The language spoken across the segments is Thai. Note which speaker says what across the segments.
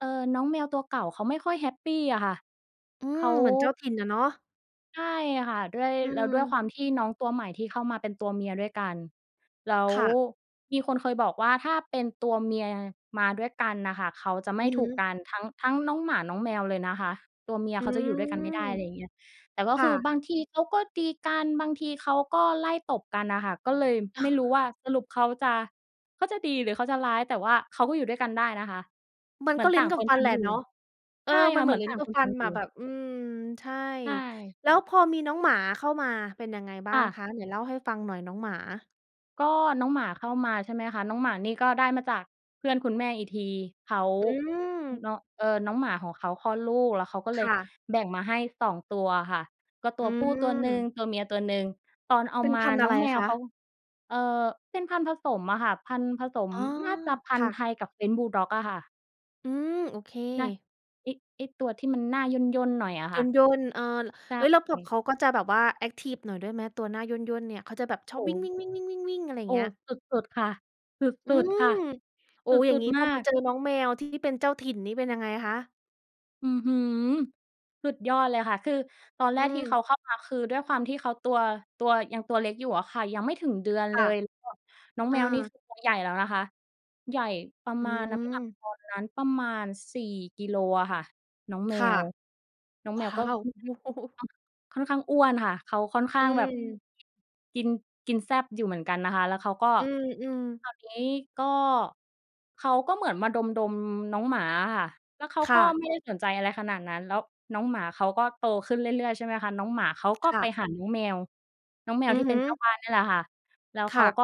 Speaker 1: เออ น้องแมวตัวเก่า เขาไม่ค่อยแฮปปีอะค่ะ
Speaker 2: อื
Speaker 1: เข
Speaker 2: ม
Speaker 1: า
Speaker 2: เหมือนเจ้าถิ่นอะเนาะ
Speaker 1: ใช่ค่ะ ด้วย
Speaker 2: อื
Speaker 1: แล้วด้วยค
Speaker 2: ม
Speaker 1: วามที่น้องตัวใหม่ ที่เข้ามาเป็นตัวเมียด้วยกัน แล้ว
Speaker 2: ค่ะ
Speaker 1: มีคนเคยบอกว่า ถ้าเป็นตัวเมียมาด้วยกันน่ะค่ะ เขาจะไม
Speaker 2: อ
Speaker 1: ่
Speaker 2: ือฮ
Speaker 1: ถูก
Speaker 2: ึ
Speaker 1: กัน ทั้ง ทั้งน้องหมา น้องแมวเลยนะคะ ตัวเมีย
Speaker 2: อื
Speaker 1: เขาจะอยู่ด้วยกันไม่ได
Speaker 2: ม
Speaker 1: ้ อะไรอย่างเงี้ย แต่ก็
Speaker 2: ค
Speaker 1: ค
Speaker 2: ่
Speaker 1: ือ
Speaker 2: ะ
Speaker 1: บางทีเขาก็ดีกัน บางทีเขาก็ไล่ตบกันอะค่ะ ก็เลยไม่รู้ว่า สรุปเขาจะ เขาจะดี หรือ เขาจะร้าย แต่ว่าเขาก็อยู่ด้วยกันได้นะคะ
Speaker 2: มั
Speaker 1: เ
Speaker 2: น
Speaker 1: หม
Speaker 2: ก
Speaker 1: ือ
Speaker 2: ็
Speaker 1: น
Speaker 2: ล
Speaker 1: ต
Speaker 2: ิ้
Speaker 1: ่
Speaker 2: น
Speaker 1: าง
Speaker 2: กั
Speaker 1: ค
Speaker 2: บ
Speaker 1: น
Speaker 2: ฟั
Speaker 1: ต่
Speaker 2: น
Speaker 1: า
Speaker 2: แห
Speaker 1: ง
Speaker 2: ล
Speaker 1: อ
Speaker 2: ะ
Speaker 1: ยู่
Speaker 2: เนาะ เอ
Speaker 1: ใช
Speaker 2: อ
Speaker 1: ่
Speaker 2: มั
Speaker 1: ค
Speaker 2: น
Speaker 1: ่
Speaker 2: เ
Speaker 1: ะ
Speaker 2: ห
Speaker 1: เ
Speaker 2: ม
Speaker 1: ห
Speaker 2: ื
Speaker 1: ม
Speaker 2: อ
Speaker 1: ื
Speaker 2: น
Speaker 1: อน
Speaker 2: ลิ้
Speaker 1: ต
Speaker 2: น
Speaker 1: ่าง
Speaker 2: กับ
Speaker 1: คน
Speaker 2: ฟั
Speaker 1: ต่า
Speaker 2: น
Speaker 1: งอย
Speaker 2: อ
Speaker 1: ู
Speaker 2: ะแ
Speaker 1: ่
Speaker 2: บบ อืม ใช่
Speaker 1: ใช่
Speaker 2: แล้วพอมีน้องหมาเข้ามา เป็นยังไงบ้
Speaker 1: ค
Speaker 2: า
Speaker 1: ่
Speaker 2: ง
Speaker 1: ะ
Speaker 2: คะ ไหนเล่าให้ฟังหน่อย น้องหมา?
Speaker 1: ก็น้องหมาเข้ามา ใช่ไหมคะ น้องหมานี่ ก็ได้มาจาก เพื่อนคุณแม่อีกที เขา
Speaker 2: อืม
Speaker 1: น้อง เออ น้องหมาของเขาคลอดลูก แล้วเขาก็เล
Speaker 2: ค
Speaker 1: ย
Speaker 2: ่ะ
Speaker 1: แบ่งมาให้ 2 ตัวค่ะ ก็ต
Speaker 2: อ
Speaker 1: ั
Speaker 2: ื
Speaker 1: วผู้ตัวหนึ่ง
Speaker 2: ม
Speaker 1: ตัวเมียตัวหนึ่ง ตอนเอา
Speaker 2: เป็น
Speaker 1: มา
Speaker 2: พันธุ์อ
Speaker 1: น้
Speaker 2: ะ
Speaker 1: อ
Speaker 2: ไ
Speaker 1: ง
Speaker 2: ร
Speaker 1: แม
Speaker 2: ค
Speaker 1: ว
Speaker 2: ะ?
Speaker 1: เขา เออ เป็นพันธุ์ผสมอะค่ะ พันธุ์ผสม
Speaker 2: อ๋อ
Speaker 1: น่าจะพั
Speaker 2: ค
Speaker 1: นธุ
Speaker 2: ่
Speaker 1: ์
Speaker 2: ะ
Speaker 1: ไทยกับ French Bulldog อะค่ะ
Speaker 2: อืม โอเค
Speaker 1: [unintelligible] ไอ้ ไอ้ตัวที่มันหน้าย่น ๆ หน่อยอะค่ะ
Speaker 2: ย่น ๆ เออ
Speaker 1: ใช
Speaker 2: เอ๊ย แล้วแบบ
Speaker 1: ่
Speaker 2: เขาก็จะแบบว่าแอ็กทิฟหน่อยด้วยไหม ตัวหน้าย่น ๆ เนี่ย เขาจะแบบชอ
Speaker 1: โอ
Speaker 2: บ
Speaker 1: ้
Speaker 2: ว
Speaker 1: โ
Speaker 2: ิ
Speaker 1: ฮ
Speaker 2: ่ง ๆ ๆ ๆ ๆ ๆ อะไรอย
Speaker 1: โ
Speaker 2: ่
Speaker 1: อ
Speaker 2: า
Speaker 1: ้
Speaker 2: งเงี้ย
Speaker 1: สุด ๆ ค่ะ ส
Speaker 2: อื
Speaker 1: ุด ๆ ค่
Speaker 2: ม
Speaker 1: ะ
Speaker 2: โอ้
Speaker 1: ส
Speaker 2: อย่า
Speaker 1: ุ
Speaker 2: ง
Speaker 1: ด
Speaker 2: งี้
Speaker 1: ๆ ม
Speaker 2: พ
Speaker 1: า
Speaker 2: อมา
Speaker 1: ก
Speaker 2: เจอน้องแมว ที่เป็นเจ้าถิ่นนี่ เป็นยังไงคะ?
Speaker 1: อื้อฮือ สุดยอดเลยค่ะ คือ ตอนแ
Speaker 2: อ
Speaker 1: ร
Speaker 2: ื
Speaker 1: กที่เ
Speaker 2: ม
Speaker 1: ขาเข้ามา คือ ด้วยความที่เขาตัว ตัว ยังตัวเล็กอยู่อะค่ะ ยังไม่ถึงเดือน
Speaker 2: ค
Speaker 1: เล
Speaker 2: ่ะ
Speaker 1: ย แล้วแบบน้อง
Speaker 2: เอ
Speaker 1: แมวนี
Speaker 2: อ
Speaker 1: ่ คือ ตัวใหญ่แล้วนะคะ ใหญ่ประ
Speaker 2: อื
Speaker 1: มาณน้ำหนัก
Speaker 2: ม
Speaker 1: ตอนนั้น ประมาณ 4 กิโลอะค่ะ น้อง
Speaker 2: ค
Speaker 1: แม
Speaker 2: ่ะ
Speaker 1: ว น้อง
Speaker 2: ว
Speaker 1: แม
Speaker 2: ้
Speaker 1: วก
Speaker 2: า
Speaker 1: ็
Speaker 2: ว โอ้
Speaker 1: [unintelligible] ค่อนข้างอ้วนค่ะ เขาค่อนข้
Speaker 2: อ
Speaker 1: างแบบ
Speaker 2: ืม
Speaker 1: กิน กินแซ่บอยู่เหมือนกันนะคะ แล้วเขาก็
Speaker 2: อือ ๆ
Speaker 1: คราวนี้ก็ เขาก็เหมือนมาดม ๆ น้องหมาอะค่ะ แล้วเขา
Speaker 2: ค
Speaker 1: ก
Speaker 2: ่
Speaker 1: ็
Speaker 2: ะ
Speaker 1: ไม่ได้สนใจอะไรขนาดนั้น แล้วน้องหมาเขา ก็โตขึ้นเรื่อย ๆ ใช่ไหมคะ น้องหมาเขาก็
Speaker 2: ค่
Speaker 1: ไป
Speaker 2: ะ
Speaker 1: หาน้องแมว น้องแมว
Speaker 2: อื
Speaker 1: ท
Speaker 2: อ
Speaker 1: ี่
Speaker 2: ฮ
Speaker 1: เป
Speaker 2: ึ
Speaker 1: ็นเจ้าบ้านนี่แหละค่ะ แล้ว
Speaker 2: ค
Speaker 1: เข
Speaker 2: ่
Speaker 1: า
Speaker 2: ะ
Speaker 1: ก็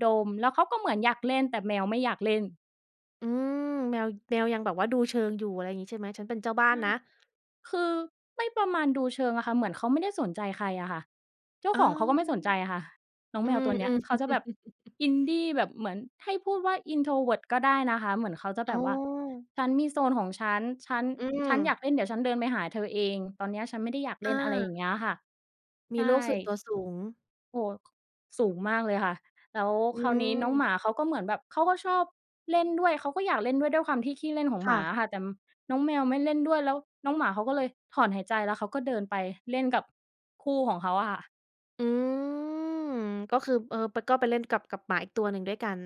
Speaker 1: ดม แล้วเขาก็เหมือนอยากเล่น แต่แมวไม่อยากเล่น
Speaker 2: อืม แมว แมวยังแบบว่า ดูเชิงอยู่ อะไรงี้ ใช่ไหม? ฉันเป็นเจ้าบ้า
Speaker 1: ใ
Speaker 2: น
Speaker 1: ช่
Speaker 2: นะ
Speaker 1: คือ ไม่ประมาณดูเชิงอะค่ะ เหมือนเขาไม่ได้สนใจใครอะค่ะ เจ้า
Speaker 2: อ๋อ
Speaker 1: ของเขาก็ไม่สนใจอะค่ะ น้อง
Speaker 2: อื
Speaker 1: แมว
Speaker 2: ม
Speaker 1: ตัวเนี
Speaker 2: อ
Speaker 1: ้
Speaker 2: ื
Speaker 1: ย
Speaker 2: ม
Speaker 1: เขาจะแบบอินดี้แบบเหมือนให้พูดว่า Introvert ก็ได้นะคะ เหมือนเขาจะ
Speaker 2: อ
Speaker 1: แ
Speaker 2: ๋
Speaker 1: บบว่า
Speaker 2: อ
Speaker 1: ฉันมีโซนของฉัน ฉัน
Speaker 2: อื
Speaker 1: ฉันอย
Speaker 2: ม
Speaker 1: ากเล่น เดี๋ยวฉันเดินไปหาเธอเอง ตอนเนี้ยฉันไม่ได้อยากเ
Speaker 2: อ
Speaker 1: ล่น อะไรอย่
Speaker 2: า
Speaker 1: างเงี้ยอะค่ะ
Speaker 2: ม
Speaker 1: ใช
Speaker 2: ีโลกส่วน
Speaker 1: ่
Speaker 2: ตัวสูง
Speaker 1: โอ้ ค สูงมากเลยค่ะ แล้ว
Speaker 2: อื
Speaker 1: คราวนี้น้อง
Speaker 2: ม
Speaker 1: หมาเขา ก็เหมือนแบบ เขาก็ชอบเล่นด้วย เขาก็อยากเล่นด้วย ด้วยความที่ขี้เล่นของ
Speaker 2: ค
Speaker 1: หม
Speaker 2: ่
Speaker 1: า
Speaker 2: ะ
Speaker 1: อะค่ะ แต่น้องแมวไม่เล่นด้วย แล้วน้องหมา เขาก็เลยถอนหายใจ แล้วเขาก็เดินไปเล่นกับ คู่ของเขาอะค่ะ
Speaker 2: อืม ก็คือ เออ ปะ ก็ไปเล่นกับ กับหมาอีกตัวหนึ่ง ด้วยกัน